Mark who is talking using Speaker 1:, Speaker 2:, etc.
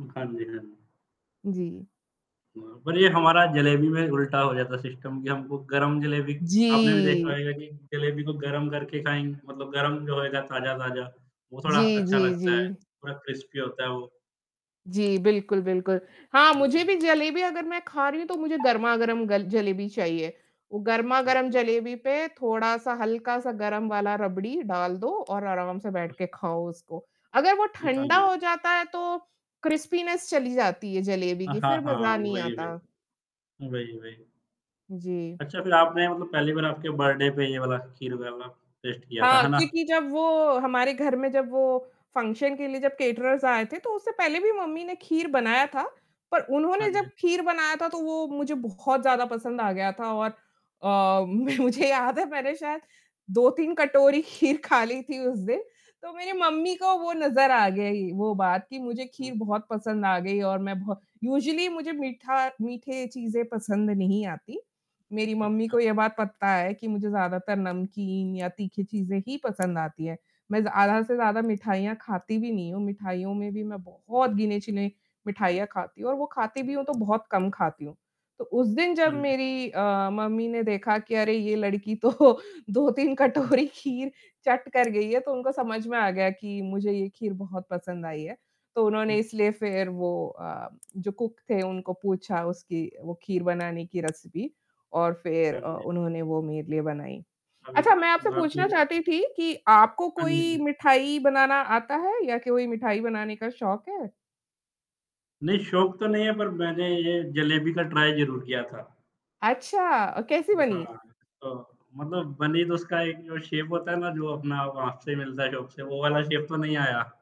Speaker 1: उ, हाँ जी, हाँ जी।
Speaker 2: जी।
Speaker 1: हाँ, पर ये हमारा जलेबी में उल्टा हो जाता है सिस्टम कि हमको गरम जलेबी आपने भी देखा
Speaker 2: जी।
Speaker 1: होएगा कि जलेबी को गरम करके खाएँ मतलब गरम जो होएगा ताज़ा-ताज़ा, वो थोड़ा
Speaker 2: जी,
Speaker 1: अच्छा
Speaker 2: जी,
Speaker 1: लगता है,
Speaker 2: जी।
Speaker 1: थोड़ा क्रिस्पी होता है वो।
Speaker 2: जी बिल्कुल, बिल्कुल। हाँ,
Speaker 1: हाँ
Speaker 2: मुझे
Speaker 1: जी।
Speaker 2: भी जलेबी अगर मैं खा रही हूँ तो मुझे गरमा-गरम ग जलेबी चाहिए, वो
Speaker 1: हुँ,
Speaker 2: गरमा-गरम
Speaker 1: हाँ, हाँ।
Speaker 2: जलेबी पे थोड़ा-सा हल्का-सा गरम वाला रबड़ी डाल दो और आराम से
Speaker 1: हुँ।
Speaker 2: बैठ के खाओ उसको। अगर वो
Speaker 1: हुँ। हाँ
Speaker 2: ठंडा
Speaker 1: जी।
Speaker 2: हो जाता है, तो क्रिस्पीनेस चली जाती है
Speaker 1: अ,
Speaker 2: जलेबी की
Speaker 1: हाँ,
Speaker 2: फ़िर
Speaker 1: हाँ,
Speaker 2: मज़ा नहीं
Speaker 1: वही,
Speaker 2: आता।
Speaker 1: वही। वही, वही।
Speaker 2: जी।
Speaker 1: अच्छा फ़िर आपने मतलब पहली बार आपके बर्थडे पे ये वाला खीर वाला टेस्ट किया था,
Speaker 2: हाँ,
Speaker 1: है ना?
Speaker 2: क्योंकि जब वो हमारे घर में जब वो फंक्शन के लिए जब कैटरर्स आए थे, तो उससे पहले भी मम्मी ने खीर बनाया था। पर
Speaker 1: हाँ
Speaker 2: उन्होंने जब
Speaker 1: जी।
Speaker 2: खीर बनाया था तो वो मुझे बहुत ज़्यादा पसंद आ गया था और अ, मैं मुझे याद है मैंने शायद 2-3 कटोरी खीर खा ली थी उस दिन। तो मेरी मम्मी को वो नज़र आ गई वो बात कि मुझे
Speaker 1: हुँ।
Speaker 2: खीर बहुत पसंद आ गई और मैं बहुत यूज़ुअली मुझे मीठा मीठे चीजें पसंद नहीं आती। मेरी मम्मी
Speaker 1: अच्छा, हाँ।
Speaker 2: को ये बात पता है कि मुझे ज़्यादातर नमकीन या तीखी चीज़ें ही पसंद आती हैं, मैं ज़्यादा से ज़्यादा मिठाइयाँ खाती भी नहीं हूँ, मिठाइयों में भी मैं बहुत गिने-चुने मिठाइयाँ खाती हूँ और वो खाती भी हूँ तो बहुत कम खाती हूँ। तो उस दिन जब
Speaker 1: हाँ जी।
Speaker 2: मेरी अ, मम्मी ने देखा कि अरे ये लड़की तो 2-3
Speaker 1: हुँ।
Speaker 2: कटोरी खीर चट कर गई है, तो उनको समझ में आ गया कि मुझे ये खीर बहुत पसंद आई है। तो उन्होंने
Speaker 1: हुँ।
Speaker 2: इसलिए फ़िर वो अ, जो कुक थे उनको पूछा उसकी वो खीर बनाने की रेसिपी और फ़िर
Speaker 1: हाँ
Speaker 2: अ,
Speaker 1: जी, हाँ।
Speaker 2: उन्होंने वो मेरे लिए बनाई।
Speaker 1: अभी तो
Speaker 2: अच्छा मैं आपसे
Speaker 1: बाकी
Speaker 2: पूछना
Speaker 1: लोग
Speaker 2: चाहती थी कि आपको
Speaker 1: हाँ जी,
Speaker 2: कोई
Speaker 1: हाँ।
Speaker 2: मिठाई बनाना आता है या कोई मिठाई बनाने का शौक है?
Speaker 1: नहीं, शौक तो नहीं है पर मैंने ये जलेबी का ट्राई ज़रूर किया था।
Speaker 2: अच्छा अ, कैसी
Speaker 1: उ, हाँ,
Speaker 2: बनी?
Speaker 1: तो मतलब बनी तो उसका एक जो शेप होता है ना, जो अपना वहाँ से मिलता है शॉप से, वो वाला शेप तो नहीं आया।